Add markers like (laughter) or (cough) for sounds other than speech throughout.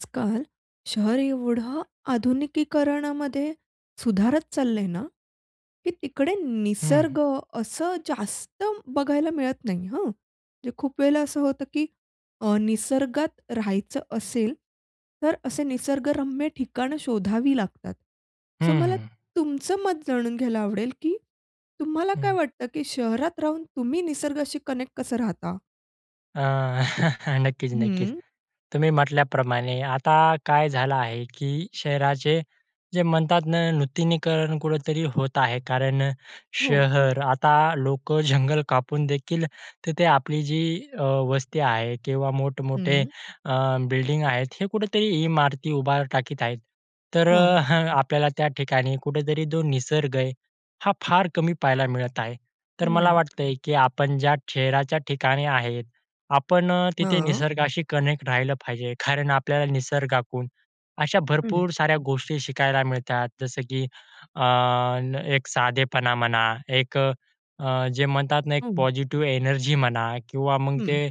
आजकाल शहर एवढं आधुनिकीकरणामध्ये सुधारत चाललंय ना, की तिकडे हं. निसर्ग असं जास्त बघायला मिळत नाही हं. म्हणजे खूप वेळेला असं होतं, की अ, निसर्गात राहायचं असेल तर असे निसर्गरम्य ठिकाणं शोधावी लागतात. हं, सो हं, मला हं. तुमचं मत जाणून घ्यायला आवडेल, की तुम्हाला काय हं. वाटतं, की शहरात राहून तुम्ही निसर्गाशी कनेक्ट कसं राहता? अ, (chuckles) नक्कीच, नक्कीच. हं. तुम्ही म्हटल्याप्रमाणे आता काय झालं आहे, की शहराचे जे म्हणतात ना नूतनीकरण कुठेतरी होत आहे. कारण हो. शहर आता लोकं जंगल कापून देखील तिथे आपली जी अ, वस्ती आहे किंवा मोठ-मोठे हं. अ, बिल्डिंग आहेत हे कुठेतरी इमारती उभार टाकीत आहेत. तर हं. आपल्याला त्या ठिकाणी कुठेतरी जो निसर्ग आहे हा फार कमी पाहायला मिळत आहे. तर मला हं. वाटतंय, की आपण ज्या शहराच्या ठिकाणी आहे, आपण अ, तिथे हां. निसर्गाशी कनेक्ट राहिलं पाहिजे. कारण आपल्याला निसर्गाकडून अशा हं. भरपूर साऱ्या गोष्टी शिकायला मिळतात. जसं की अ, एक साधेपणा म्हणा, एक अ, जे म्हणतात ना एक हं. पॉझिटिव्ह एनर्जी म्हणा किंवा मग हं. ते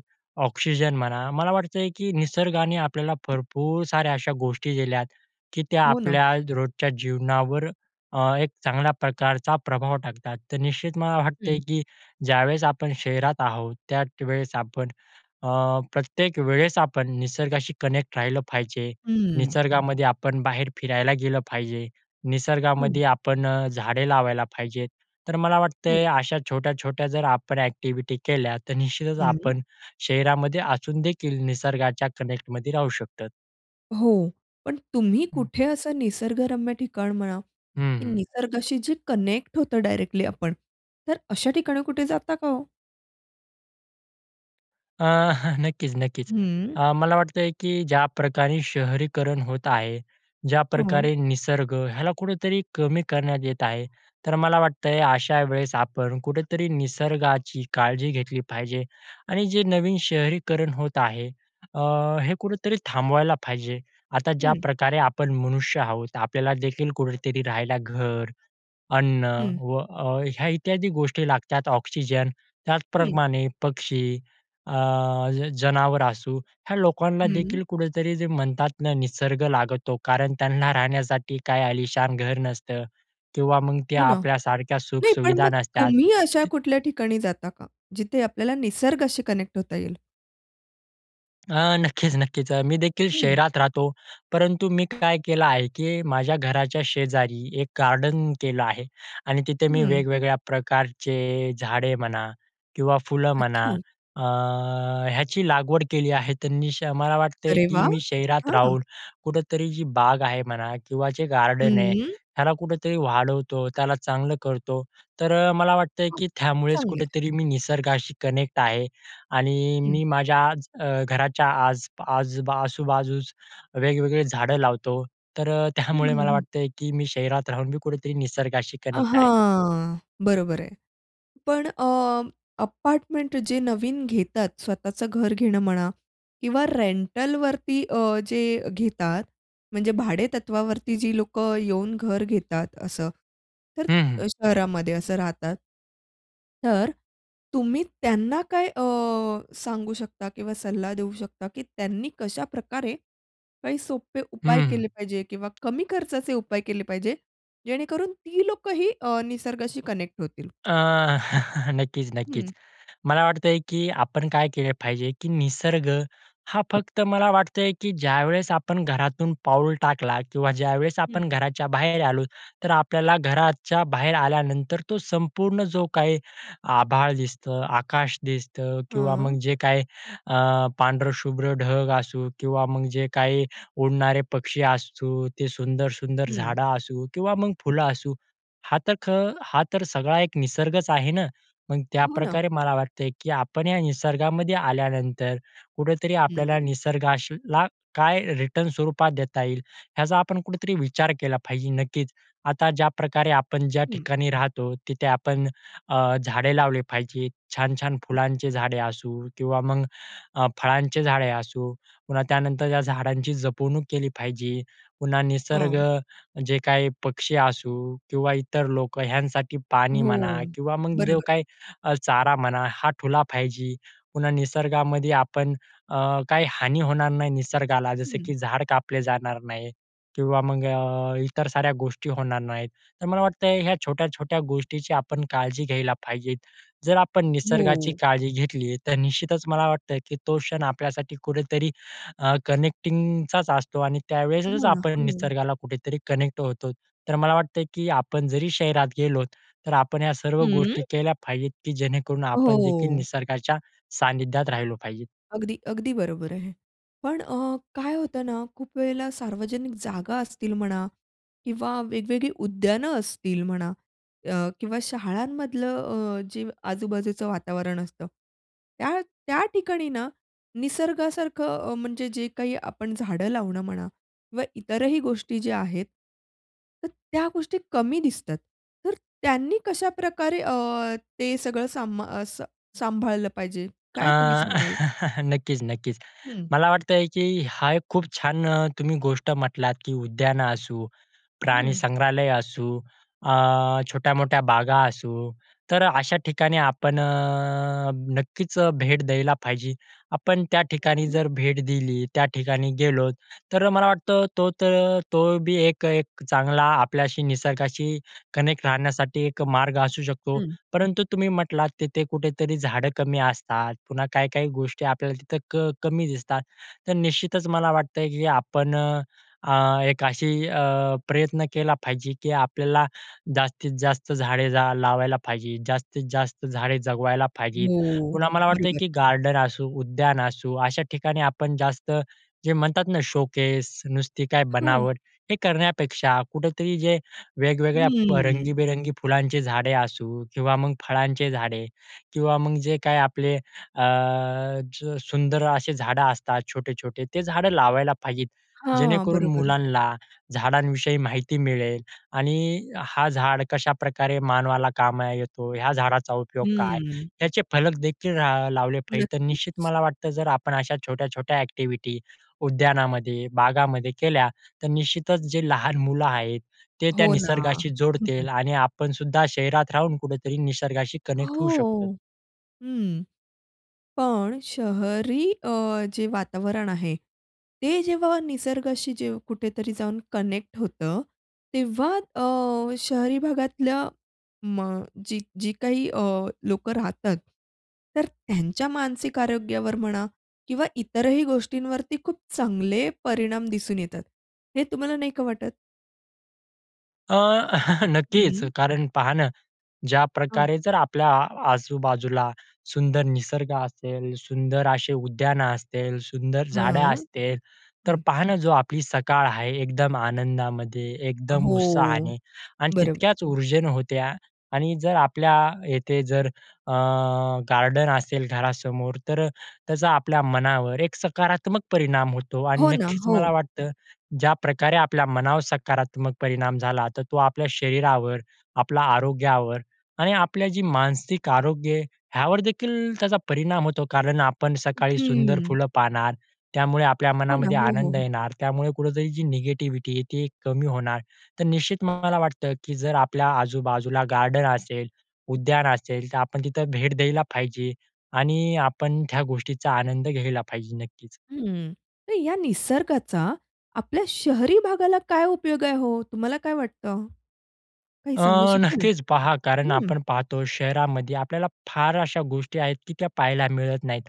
ऑक्सिजन म्हणा. मला वाटतंय, की निसर्गाने आपल्याला भरपूर साऱ्या अशा गोष्टी दिल्यात, की त्या हो ना. आपल्या रोजच्या जीवनावर अ, एक चांगल्या प्रकारचा प्रभाव टाकतात. तर निश्चित मला हं. वाटतंय, की ज्यावेळेस आपण शहरात आहोत त्या वेळेस आपण अ, प्रत्येक वेळेस आपण निसर्गाशी कनेक्ट राहिलं पाहिजे. हं. निसर्गामध्ये आपण बाहेर फिरायला गेलं पाहिजे. हं. निसर्गामध्ये आपण झाडे लावायला पाहिजे. तर मला वाटते हं. अशा छोट्या छोट्या जर आपण एक्टिव्हिटी केल्या तर निश्चितच हं. आपण शहरामध्ये असूनदेखील निसर्गाच्या कनेक्टमध्ये राहू शकतो. हो. पण तुम्ही हं. कुठे असं निसर्गरम्य ठिकाण म्हणा, हं, की हं. निसर्गाशी जे कनेक्ट होतो डायरेक्टली आपण. तर अशा ठिकाणी कुठे जाता का हो? अ, (chuckles) नक्कीच, नक्कीच. हं अ, मला वाटतंय की ज्या प्रकारे शहरीकरण होत आहे, हं. ज्याप्रकारे निसर्ग, ह्याला कुठेतरी कमी करण्यात येत आहे. तर मला वाटतंय अशा वेळेस, आपण कुठेतरी निसर्गाची काळजी घेतली पाहिजे आणि जे नवीन शहरीकरण होत आहे, अ, हे कुठेतरी थांबवायला पाहिजे. आता हं. ज्याप्रकारे आपण मनुष्य आहोत, आपल्याला देखील कुठेतरी राहायला घर, अन्न हं. व अ, ह्या इत्यादी गोष्टी लागतात. ऑक्सिजन, हं. त्याचप्रमाणे पक्षी, अ, जनावर असू, ह्या लोकांना हं. देखील कुठेतरी जे म्हणतात ना, निसर्ग लागतो. कारण त्यांना राहण्यासाठी काही अलिशान घर नसतं किंवा मग ते हो ना. आपल्या सारख्या सुख नाही पण सुविधा मग नसतात. तुम्ही अशा तर कुठल्या ठिकाणी जाता का? जिथे आपल्याला निसर्गाशी कनेक्ट होता येईल? अ, नक्कीच, नक्कीच. अ, मी देखील हं. शहरात राहतो. परंतु मी काय केलं आहे की माझ्या घराच्या शेजारी एक गार्डन केलं आहे, आणि तिथे मी हं. वेगवेगळ्या प्रकारचे झाडे म्हणा किंवा फुलं म्हणा, अच्छा. अ, याची लागवड केली आहे. मी श मला वाटते अरे की वा! मी शहरात हां. राहून कुठेतरी जी बाग आहे म्हणा किंवा जे गार्डन आहे, हम्म. त्याला कुठेतरी वाढवतो त्याला चांगलं करतो. तर अ, मला वाटतं की त्यामुळेच चांगलं आहे. कुठेतरी मी निसर्गाशी कनेक्ट आहे. आणि हं. मी माझ्या अ, घराच्या आज आज आजूबाजूस वेगवेगळी झाडं लावतो. तर अ, हं, त्यामुळे हं, मला हं. वाटतं की, मी शहरात राहून मी कुठेतरी निसर्गाशी अ, कनेक्ट आहे. हां. बरोबर आहे. पण अ, अपार्टमेंट जे नवीन घेतात, स्वतःचं घर घेणं म्हणा किंवा रेंटलवरती अ, जे घेतात म्हणजे भाडेतत्वावरती जी लोकं येऊन घर घेतात असं, तर हं, हं. शहरामध्ये असं राहतात. तर तुम्ही त्यांना काय अ, सांगू शकता किंवा सल्ला देऊ शकता की त्यांनी कशाप्रकारे, काही सोपे उपाय हं, हं. केले पाहिजे किंवा कमी खर्चाचे उपाय केले पाहिजे, जेणेकरून ती लोकंही अ, निसर्गाशी कनेक्ट होतील? अ, (chuckles) नक्कीच, नक्कीच. हं. मला वाटतंय की आपण काय केले पाहिजे, की निसर्ग हा फक्त मला वाटतं आहे की ज्यावेळेस आपण घरातून पाऊल टाकला किंवा ज्यावेळेस हं, आपण हं. घराच्या बाहेर आलो. तर आपल्याला घराच्या बाहेर आल्यानंतर, तो संपूर्ण जो काही आभाळ दिसतो, आकाश दिसतं किंवा हां. मग जे काही अ, पांढरं शुभ्र ढग असू किंवा मग जे काही उडणारे पक्षी असू, ते सुंदर, सुंदर हं. झाडं असू किंवा मग फुलं असू हा तर खं हा तर सगळा एक निसर्गच आहे ना. मग हो ना. त्याप्रकारे मला वाटते की आपण या निसर्गामध्ये आल्यानंतर, कुठेतरी आपल्याला हं. निसर्गासला काय रिटर्न स्वरूपात देता येईल, ह्याचा आपण कुठेतरी विचार केला पाहिजे नक्कीच. आता ज्याप्रकारे आपण ज्या हं. ठिकाणी राहतो तिथे आपण अ, झाडे लावले पाहिजे, छान-छान फुलांचे झाडे असू किंवा मग अ, फळांचे झाडे असू. पुन्हा त्यानंतर या झाडांची जपवणूक केली पाहिजे. पुन्हा निसर्ग हां. जे काही पक्षी असू किंवा इतर लोकं ह्यांसाठी पाणी म्हणा हो. किंवा मग जो बरोबर आहे. काही अ, चारा म्हणा. हा ठेवला पाहिजे, पुन्हा निसर्गामध्ये आपण अ, काही हानी होणार नाही निसर्गाला, जसं हं. की झाडं कापले जाणार नाही किंवा मग अ, इतर साऱ्या गोष्टी होणार नाहीत, तर मला वाटतं ह्या छोट्या-छोट्या गोष्टीची आपण काळजी घ्यायला पाहिजेत. जर आपण निसर्गाची हो. काळजी घेतली. तर निश्चितच मला वाटतं की तो क्षण आपल्यासाठी कुठेतरी अ, कनेक्टिंगचाच असतो. आणि त्यावेळेसच हो ना, आपण हो ना. निसर्गाला कुठेतरी कनेक्ट होतो. तर मला वाटतं की आपण जरी शहरात गेलो, तर आपण या सर्व हं. गोष्टी केल्या पाहिजेत, की जेणेकरून आपण देखील हो. निसर्गाच्या सान्निध्यात राहिलो पाहिजेत. अगदी, अगदी बरोबर आहे. पण अ, काय होतं ना खूप वेळेला सार्वजनिक जागा असतील म्हणा किंवा वेगवेगळी उद्यानं असतील म्हणा अ, किंवा शाळांमधलं अ, जे आजूबाजूचं वातावरण असतं त्या त्या ठिकाणी ना निसर्गासारखं म्हणजे जे काही आपण झाडं लावणं म्हणा किंवा इतरही गोष्टी ज्या आहेत, तर त्या गोष्टी कमी दिसतात. तर अ, त्यांनी कशाप्रकारे अ, ते सगळं सांम अ, स सांभाळलं पाहिजे? अ, काय तुम्ही सांगाल? (chuckles) नक्कीच, नक्कीच. हं. मला वाटतंय की हा एक खूप छान तुम्ही गोष्ट म्हटलात की उद्यानं असू, हं. प्राणीसंग्रहालय असू, अ, छोट्या-मोठ्या बागा असू. तर अशा ठिकाणी आपण अ, नक्कीच भेट द्यायला पाहिजे. आपण त्या ठिकाणी अगदी. जर भेट दिली, त्या ठिकाणी गेलो. तर मला वाटतं तो तर तो बी एक एक चांगला आपल्याशी निसर्गाशी कनेक्ट राहण्यासाठी एक मार्ग असू शकतो. हं. परंतु तुम्ही म्हटलात तिथे कुठेतरी झाडं कमी असतात, पुन्हा काही-काही गोष्टी आपल्याला तिथं क कमी दिसतात. तर निश्चितच मला वाटतं, की आपण अ, एक अशी अ, प्रयत्न केला पाहिजे. की आपल्याला जास्तीत जास्त झाडे लावायला पाहिजे, जास्तीत जास्त झाडे जगवायला पाहिजेत. हो. पुन्हा मला वाटतं बरोबर. की गार्डन असू, उद्यान असू, अशा ठिकाणी आपण जास्त जे म्हणतात ना शोकेस नुसती काय हां. बनावट. हे करण्यापेक्षा कुठेतरी जे वेगवेगळ्या हम्म. रंगीबेरंगी फुलांचे झाडे असू किंवा मग फळांचे झाडे, किंवा मग जे काही आपले अ, सुं सुंदर असे झाडं असतात छोटे-छोटे, ते झाडं लावायला पाहिजेत. हां. जेणेकरून बरोबर. मुलांना झाडांविषयी माहिती मिळेल. आणि हा झाड कशाप्रकारे मानवाला कामा येतो, ह्या झाडाचा उपयोग काय हम्म. त्याचे फलक देखील ला लावले पाहिजे. तर निश्चित नक्कीच. मला वाटतं जर आपण अशा छोट्या-छोट्या ॲक्टिव्हिटी उद्यानामध्ये, बागामध्ये केल्या, तर निश्चितच जे लहान मुलं आहेत ते त्या हो ना. निसर्गाशी हं, जोडतील, हं. आणि आपणसुद्धा शहरात राहून कुठेतरी निसर्गाशी कनेक्ट होऊ शकतो. हो. हं. पण शहरी अ, जे वातावरण आहे, ते जेव्हा निसर्गाशी जे कुठेतरी जाऊन कनेक्ट होतं. तेव्हा अ, शहरी भागातल्या म जी जी काही लोकं राहतात, तर त्यांच्या मानसिक आरोग्यावर म्हणा किंवा इतरही गोष्टींवरती खूप चांगले परिणाम दिसून येतात हे तुम्हाला नाही का वाटत? अ, (chuckles) नक्कीच हं. कारण पहा ना हं. ज्याप्रकारे जर आपल्या आजूबाजूला सुंदर निसर्ग असेल, सुंदर असे उद्यानं असतील, सुंदर झाडं हं, असतील, तर हं. पहा ना जो आपली सकाळ आहे एकदम आनंदामध्ये एकदम हो, उत्साहाने आणि बरोबर. तितक्याच उर्जेन होते. आ, आणि जर आपल्या येथे जर अ, गार्डन असेल घरासमोर. तर त्याचा आपल्या मनावर एक सकारात्मक परिणाम होतो आणि हो ना. नक्कीच हो. मला वाटतं ज्याप्रकारे आपल्या मनावर सकारात्मक परिणाम झाला तर तो आपल्या शरीरावर आपल्या आरोग्यावर आणि आपल्या जे मानसिक आरोग्य आहे ह्यावर देखील त्याचा परिणाम होतो. कारण आपण सकाळी सुंदर हं. फुलं पाहणार त्यामुळे आपल्या हो ना, मनामध्ये हो, हो, आनंद हो. येणार त्यामुळे कुठेतरी जी निगेटिविटी आहे ती कमी होणार. तर निश्चित मला वाटतं, की जर आपल्या आजूबाजूला गार्डन असेल, उद्यान असेल. तर आपण तिथं भेट द्यायला पाहिजे आणि आपण त्या गोष्टीचा आनंद घ्यायला पाहिजे नक्कीच. हं. तर या निसर्गाचा आपल्या शहरी भागाला काय उपयोग आहे हो? तुम्हाला काय वाटतं? काही अ, सांगू शकाल? नक्कीच पहा कारण हं. आपण पाहतो शहरामध्ये आपल्याला फार अशा गोष्टी आहेत, की त्या पाहायला मिळत नाहीत,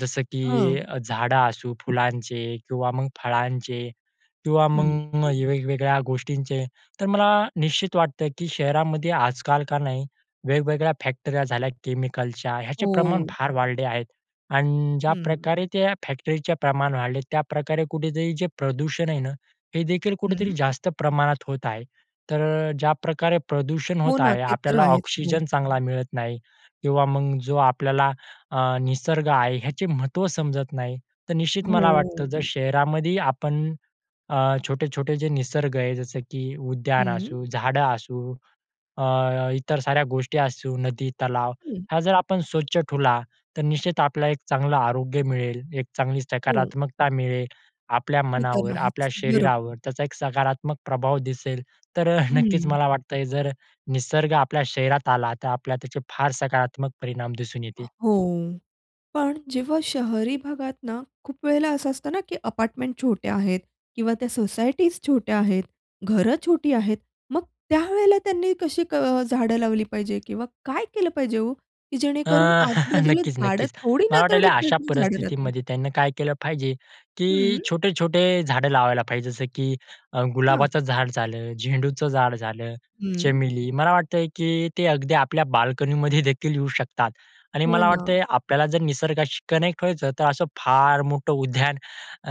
जसं हं. की झाडं असू फुलांचे किंवा मग फळांचे किंवा हं, मग हं. वेगवेगळ्या गोष्टींचे. तर मला निश्चित वाटतं की शहरामध्ये आजकाल का नाही वेगवेगळ्या फॅक्टऱ्या झाल्या केमिकलच्या ह्याचे प्रमाण हो. फार वाढले आहेत. आणि हं. ज्याप्रकारे त्या फॅक्टरीचे प्रमाण वाढले त्याप्रकारे कुठेतरी जे प्रदूषण आहे ना, हे देखील कुठेतरी हं. जास्त प्रमाणात होत आहे. तर ज्या प्रकारे प्रदूषण हो होत ना, आहे ते तर आपल्याला आहेच हो. ऑक्सिजन चांगला मिळत नाही किंवा मग जो आपल्याला अ, निसर्ग आहे ह्याचे महत्त्व समजत नाही. तर हो, निश्चित मला हो, वाटतं जर हो. शहरामध्ये आपण अ, छोटे-छोटे जे निसर्ग आहे जसं की उद्यान हं. असू झाडं असू अ, इतर साऱ्या गोष्टी असू. नदी तलाव हं. हा जर आपण स्वच्छ ठेवला तर निश्चित आपल्याला एक चांगलं आरोग्य मिळेल. एक चांगली हो. सकारात्मकता मिळेल, आपल्या ती तर मनावर आपल्या आहेच बरोबर. शरीरावर त्याचा एक सकारात्मक प्रभाव दिसेल. तर नक्कीच हं. मला वाटतं जर निसर्ग आपल्या शरीरात आला तर आपल्याला त्याचे फार सकारात्मक परिणाम दिसून येतील. हो पण जेव्हा शहरी भागात ना खूप वेळेला असं असतं ना की अपार्टमेंट छोट्या आहेत किंवा त्या सोसायटीज छोट्या आहेत, घरं छोटी आहेत मग त्यावेळेला त्यांनी कशी अ, झाडं लावली पाहिजे किंवा काय केलं पाहिजे हो? की अ, जेणेकरून (chuckles) आजूबाजूला नक्कीच, झाडं नक्कीच. थोडी मला ना थोडी वाटायला अशा तरी झाडं राहतील. परिस्थितीमध्ये त्यांनी काय केलं पाहिजे की हं. छोटे-छोटे झाडं लावायला पाहिजे जसं की हां. गुलाबाचं झाड झालं, झेंडूचं झाड झालं, हं. चमेली मला वाटतं की ते अगदी आपल्या बाल्कनीमध्ये देखील येऊ शकतात. आणि हो मला ना. वाटतंय आपल्याला जर निसर्गाशी कनेक्ट व्हायचं तर असं फार मोठं उद्यान अ,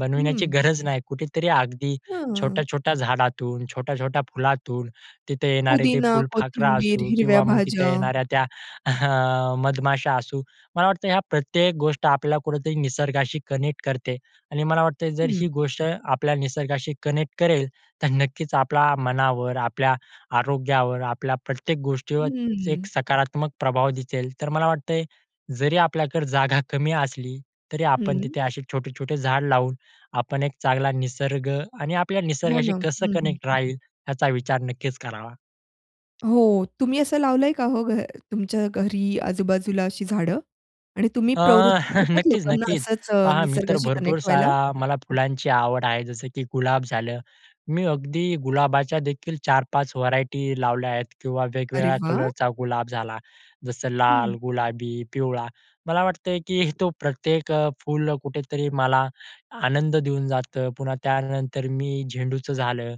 बनविण्याची हं. गरज नाही कुठेतरी अगदी हं छोट्या-छोट्या झाडातून छोट्या-छोट्या फुलातून तिथं येणारे ते पुदिना, फुलफाखरा कोथिंबीर, असू हिरव्या किंवा मग तिथं भाज्या. येणाऱ्या त्या अ, मधमाशा असू. मला वाटतं ह्या प्रत्येक गोष्ट आपल्याला कुठेतरी निसर्गाशी कनेक्ट करते आणि मला वाटतं जर हं. ही गोष्ट आपल्या निसर्गाशी कनेक्ट करेल तर नक्कीच आपल्या मनावर, आपल्या आरोग्यावर, आपल्या प्रत्येक गोष्टीवर एक हं. सकारात्मक प्रभाव दिसेल. तर मला वाटतंय जरी आपल्याकडे जागा कमी असली तरी आपण हं. तिथे असे छोटे-छोटे झाड लावून आपण एक चांगला निसर्ग आणि आपल्या हो निसर्गाशी ना, हं, कसं हं, कनेक्ट हं राहील याचा विचार नक्कीच करावा. हो. तुम्ही असं लावलंय का हो घ तुमच्या घरी आजूबाजूला अशी झाडं आणि तुम्ही अ, प्रवृत्त (chuckles) करतात नक्कीच, लोकांना नक्कीच. असंच पहा मी तर निसर्गाशी भरपूर कनेक्ट व्हायला? सारा मला फुलांची आवड आहे जसं की गुलाब झालं. मी अगदी गुलाबाच्या देखील 4-5 व्हरायटी लावल्या आहेत किंवा अरे वेगवेगळ्या वाह! कलरचा गुलाब झाला. जसं लाल, हं. गुलाबी, पिवळा मला वाटतं, की तो प्रत्येक फुल कुठेतरी मला आनंद देऊन जातं. पुन्हा त्यानंतर मी झेंडूचं झालं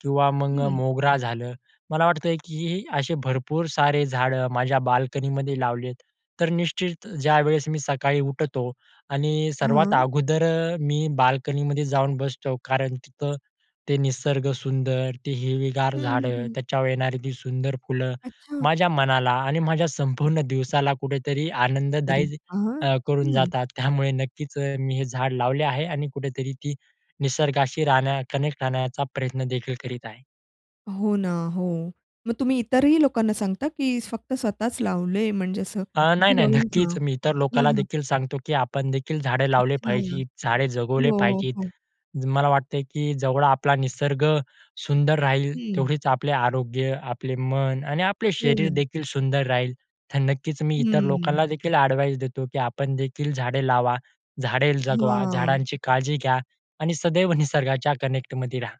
किंवा मग हं. मोगरा झालं मला वाटतं की असे भरपूर सारे झाडं माझ्या बाल्कनीमध्ये लावली आहेत. तर निश्चित ज्यावेळेस मी सकाळी उठतो आणि सर्वात हां. अगोदर मी बाल्कनीमध्ये जाऊन बसतो कारण तिथं ते निसर्ग सुंदर, ते हिरवीगार हं, हं, झाडं, हं. त्याच्यावर येणारी ती सुंदर फुलं अच्छा. माझ्या मनाला आणि माझ्या संपूर्ण दिवसाला कुठेतरी अरे आनंददायी वाह! अ, करून हं. जातात त्यामुळे नक्कीच मी हे झाड लावले आहे. आणि कुठेतरी ती निसर्गाशी राहण्या कनेक्ट राहण्याचा प्रयत्न देखील करीत आहे. हो ना हो, मग तुम्ही इतरही लोकांना सांगता की फक्त स्वतःच लावलंय? म्हणजे असं अ, नाही, की नाही बाबा हां, नक्कीच. मी इतर हां, लोकाला हां. देखील सांगतो की आपण देखील झाडे लावले अच्छा. पाहिजे, झाडे जगवले हो, पाहिजे. हो. मला वाटते की जवळ आपला निसर्ग सुंदर राहील हं. तेवढेच आपले आरोग्य, आपले मन आणि आपले हो शरीर ना. देखील सुंदर राहील. तर नक्कीच मी इतर हम्म. लोकांना देखील एडवाइस देतो, की आपण देखील झाडे लावा, झाडे जगवा, हां. झाडांची काळजी घ्या आणि सदैव निसर्गाच्या कनेक्टमध्ये राहा.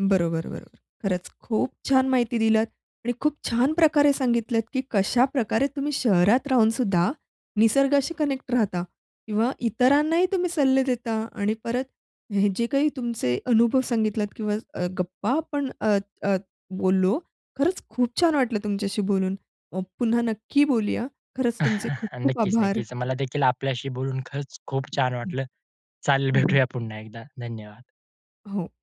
बरोबर, बरोबर. खरंच खूप छान माहिती दिल्यात आणि खूप छान प्रकारे सांगितलत की कशाप्रकारे तुम्ही शहरात राहूनसुद्धा, निसर्गाशी कनेक्ट राहता. किंवा इतरांनाही तुम्ही सल्ले देता आणि परत हे जे काही तुमचे अनुभव सांगितलात किंवा गप्पा अ, आपण अ, बोललो खरंच खूप छान वाटलं तुमच्याशी बोलून पुन्हा नक्की बोलूया. खरंच अ, तुमचे खूप खूप नक्कीच, आभार. नक्कीच. मला देखील आपल्याशी बोलून खरंच खूप छान हं. वाटलं. चालेल हं, हं. भेटूया पुन्हा एकदा धन्यवाद. हो.